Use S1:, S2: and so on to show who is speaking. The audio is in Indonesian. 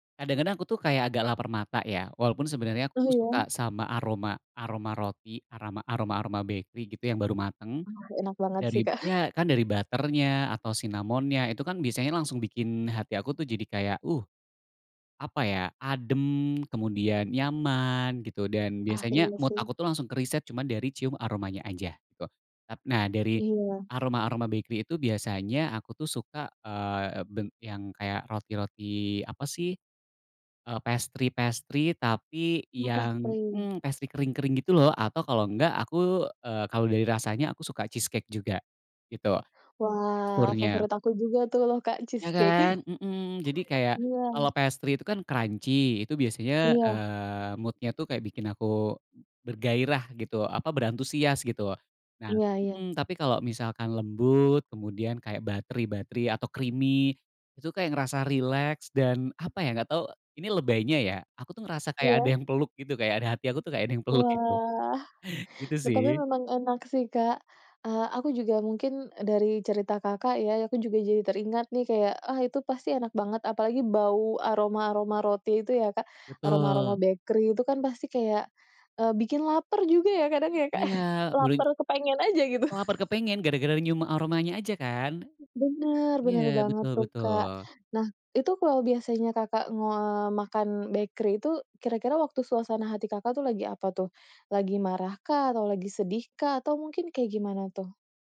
S1: Kadang-kadang aku tuh kayak agak lapar mata ya. Walaupun sebenarnya aku
S2: Oh,
S1: tuh
S2: iya.
S1: suka sama aroma aroma roti, arama aroma-aroma bakery gitu yang baru mateng.
S2: Wah, enak banget sih,
S1: Darib
S2: Kak.
S1: ya kan dari butter-nya atau cinnamon-nya, itu kan biasanya langsung bikin hati aku tuh jadi kayak, uh, apa ya, adem, kemudian nyaman gitu dan
S2: Ah,
S1: biasanya
S2: iya
S1: mood
S2: sih.
S1: aku tuh langsung ke riset cuma dari cium aromanya aja gitu. Tap nah, dari
S2: Iya.
S1: aroma-aroma bakery itu biasanya aku tuh suka, eee, ep ben yang kayak roti-roti apa sih, eee, pastry-pastry, tapi
S2: Oh,
S1: yang
S2: pastry.
S1: mmm, pastry kering-kering gitu loh atau kalau enggak aku, eee, kalau dari rasanya aku suka cheese cake juga gitu,
S2: Wah,
S1: teksturnya.
S2: favorit aku juga tuh loh, Kak,
S1: Ya,
S2: cheese cake.
S1: kan? Mmm. Jadi kayak,
S2: Iya.
S1: kalau pastry itu kan crunchy, itu biasanya,
S2: Iya.
S1: eee, mood-nya tuh kayak bikin aku bergairah gitu, apa berantusias gitu. Nah
S2: Iya iya.
S1: mmm, tapi kalau misalkan lembut kemudian kayak buttery-buttery atau creamy itu kayak ngerasa rileks, dan apa ya, nggak tau ini lebaynya ya, aku tuh ngerasa kayak ada
S2: Iya.
S1: yang peluk gitu, kayak ada hati aku tuh kayak ada yang peluk gitu,
S2: Wah.
S1: gitu
S2: Tetapi,
S1: sih.
S2: memang enak sih, Kak. Eee, aku juga mungkin dari cerita Kakak ya, aku juga jadi teringat nih kayak, ah itu pasti enak banget, apalagi bau aroma-aroma roti itu ya, Kak. Aroma-aroma
S1: Betul.
S2: bakery itu kan pasti kayak, eee, bikin laper juga ya kadang ya, Kak.
S1: Iya. Berin
S2: Laper kepengen aja gitu.
S1: Laper kepengen, gara-gara nyium aromanya aja kan.
S2: Bener bener
S1: Iya,
S2: banget
S1: betul
S2: tuh, Kak.
S1: betul.
S2: Nah, itu kalau biasanya Kakak, eee, makan bakery itu kira-kira waktu suasana hati Kakak tuh lagi apa tuh? Lagi marahkah atau lagi sedihkah atau mungkin kayak gimana tuh?